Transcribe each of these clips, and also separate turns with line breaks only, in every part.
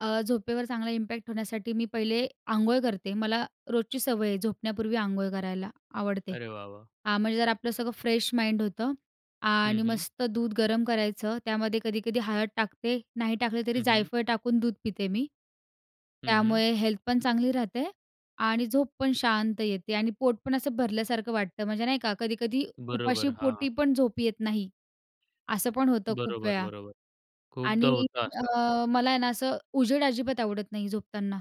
अ, झोपेवर चांगला इम्पॅक्ट होण्यासाठी मी पहिले, अंघोळ करते मला, रोजची सवय आहे झोपण्यापूर्वी आंघोळ करायला, आवडते.
अरे वा! वा!
आ, म्हणजे जर आपलं सगळं फ्रेश माइंड होतं.
हं,
आणि
हं.
मस्त दूध गरम करायचं, त्यामध्ये कधी-कधी हळद टाकते नाही टाकले तरी
हं, हं.
जायफळ टाकून दूध पिते मी.
हं, हं.
त्यामुळे हेल्थ पण चांगली राहते आणि झोप पण शांत येते आणि पोट पण असं भरल्यासारखं वाटतं म्हणजे नाही का? कधी-कधी उपाशी
बरोबर. हां.
पोटी पण झोप येत नाही. असं पण होतं खूप
बरोबर,
वेळा.
बरोबर. खूपदा
आणि
होतं असं.
अ, मला आहे ना असं उजेड अजिबात आवडत नाही झोपताना.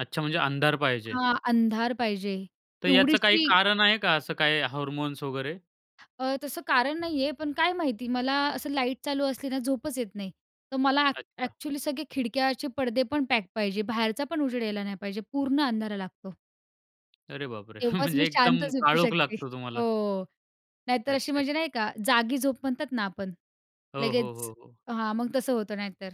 अच्छा. म्हणजे अंधार पाहिजे.
हां. अंधार पाहिजे.
तर याचं काही
एवढीशी
कारण आहे का असं काही हार्मोन्स वगैरे?
अ, तसं कारण नाहीये पण काय माहिती मला असं लाईट चालू असली ना झोपच येत नाही. तर मला,
अच्छा.
एक्चुअली सगळे खिडक्याचे पडदे पण पॅक पाहिजे, बाहेरचा पण उजेड यायला नाही पाहिजे पूर्ण अंधारा लागतो.
अरे बापरे!
तेव्हाच मी
म्हणजे
शांत
एकदम
झोपू
काळोख
शकते.
लागतो तुम्हाला.
हो. नाहीतर अशी
अच्छा,
म्हणजे
अच्छा.
नाही का? जागी झोप म्हणतात ना आपण,
हो, हो,
लगेच,
हो, हो.
हां मग तसं होतं नाहीतर.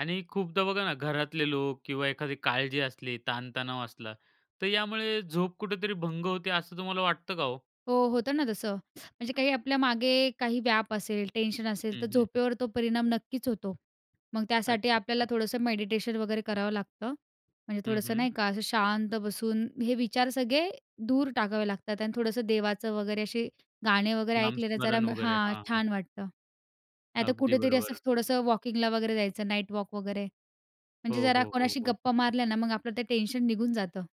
आणि खूपदा बघा ना घरातले लोक किंवा एखादी काळजी असली ताण तणाव असला, तर यामुळे झोप कुठेतरी भंग होते असं तुम्हाला वाटतं का हो?
हो. होतं ना तसं, म्हणजे काही आपल्या मागे काही व्याप असेल टेन्शन असेल
हं,
तर
हं.
झोपेवर तो परिणाम नक्कीच होतो. मग त्यासाठी
अच्छा,
आपल्याला
अच्छा.
थोडंसं मेडिटेशन वगैरे करावं लागतं. म्हणजे
हं,
थोडंसं
हं.
नाही का, असं शांत बसून हे विचार सगळे, दूर टाकावे लागतात आणि थोडंसं देवाचं वगैरे अशे गाणे वगैरे ऐकलेले जरा
नामस्मरण वगैरे.
हां.
हां, हां.
छान वाटतं. नाहीत,
अगदी
कुठेतरी असं
बरोबर.
थोडंसं वॉकिंग ला वगैरे जायचं नाईट वॉक वगैरे.
हो,
म्हणजे जरा
हो, हो,
कोणाशी
हो.
गप्पा मारल्या ना, मग आपलं ते टेन्शन निघून जातं.